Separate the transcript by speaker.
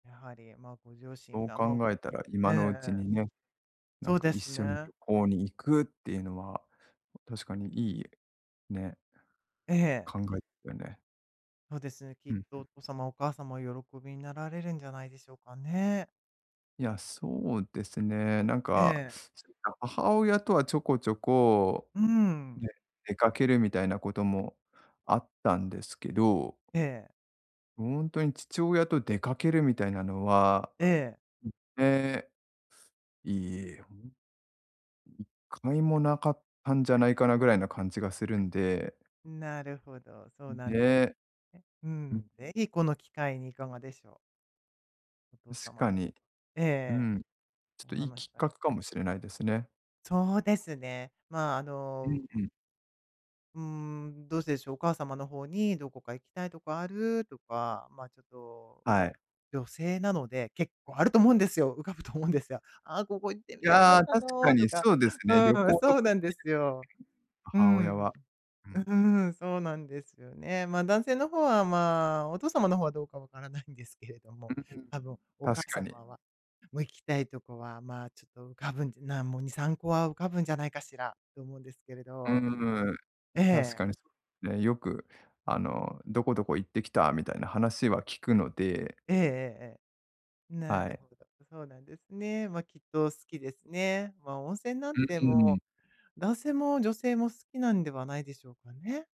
Speaker 1: やはり、ま、ご両親
Speaker 2: そう
Speaker 1: が、ま、お
Speaker 2: 考えたら
Speaker 1: ええ
Speaker 2: 今のうち
Speaker 1: ええ。
Speaker 2: にね、な
Speaker 1: そ
Speaker 2: ん
Speaker 1: う
Speaker 2: か
Speaker 1: で
Speaker 2: 一
Speaker 1: す
Speaker 2: 緒に
Speaker 1: ね。
Speaker 2: 旅行に行くっていうのは、確かにいい、ね
Speaker 1: ええ。
Speaker 2: 考え、てね。
Speaker 1: そうですね、き
Speaker 2: う
Speaker 1: っ
Speaker 2: ん、
Speaker 1: と
Speaker 2: ふ。
Speaker 1: お父様、お母様喜びになられるんじゃないでしょうかね。
Speaker 2: いや、そうですね。なん
Speaker 1: え
Speaker 2: か、
Speaker 1: え。
Speaker 2: 母親とはちょこちょこ、
Speaker 1: うん。
Speaker 2: ね、出かけるみたいなこともあったんですけど
Speaker 1: ええ。
Speaker 2: ほんとに父親と出かけるみたいなのは、
Speaker 1: ええ。
Speaker 2: いっていいほん1回も無かったんじゃないかな？ぐらいな感じがするんで
Speaker 1: ん、なるほど、そ
Speaker 2: う
Speaker 1: う
Speaker 2: ん、
Speaker 1: なんで、
Speaker 2: で
Speaker 1: ね。う
Speaker 2: うん。
Speaker 1: ん、ぜひこの機会にいかがでしょう？お父
Speaker 2: 確
Speaker 1: 様
Speaker 2: かに、
Speaker 1: えええ
Speaker 2: う
Speaker 1: え。
Speaker 2: ん。ちょっと
Speaker 1: お
Speaker 2: いい
Speaker 1: 話し
Speaker 2: きっ
Speaker 1: た。
Speaker 2: かけかもしれないですね。
Speaker 1: そうですね、まあ、あ
Speaker 2: う
Speaker 1: の
Speaker 2: ん、う ん。
Speaker 1: うーん、どうしてでしょう？お母様の方に、どこか行きたいとこある？とか、まあ、ちょっと、
Speaker 2: はい。
Speaker 1: 女性なので結構あると思うんですよ。浮かぶと思うんですよ。「ああ、ここ行って
Speaker 2: い
Speaker 1: みたか
Speaker 2: や、
Speaker 1: った
Speaker 2: 確か
Speaker 1: の」と
Speaker 2: に
Speaker 1: か。
Speaker 2: そうです
Speaker 1: う
Speaker 2: ね、旅
Speaker 1: ん、
Speaker 2: 行と
Speaker 1: そう
Speaker 2: かね、
Speaker 1: なんですよ。う
Speaker 2: 母親
Speaker 1: ん。
Speaker 2: はう
Speaker 1: う
Speaker 2: ん。
Speaker 1: うん。そうなんですよね。まあ、男性のほう方は、まあ、お父様のほうはどうか分からないんですけれど
Speaker 2: う
Speaker 1: も、
Speaker 2: んうん、
Speaker 1: 多分、お母
Speaker 2: 確かに。
Speaker 1: 様は、も、行きたいとこは、まあ、ちょっと浮かぶんで、な、もう、2、3個は浮かぶんじゃないかしら？と思うんですけれ
Speaker 2: う
Speaker 1: ど。
Speaker 2: ーん、
Speaker 1: え
Speaker 2: 確
Speaker 1: え。
Speaker 2: かに、そ、ね、よく、あの「どこどこ行ってきた」みたいな話は聞くので
Speaker 1: ええええええ。な
Speaker 2: は
Speaker 1: る
Speaker 2: い。
Speaker 1: ほど。そうなんですね。ま、きっと好きですね。ま、温泉なん
Speaker 2: う
Speaker 1: て
Speaker 2: う
Speaker 1: も
Speaker 2: ん。
Speaker 1: う、男性も女性も好きなんではないでしょうかね？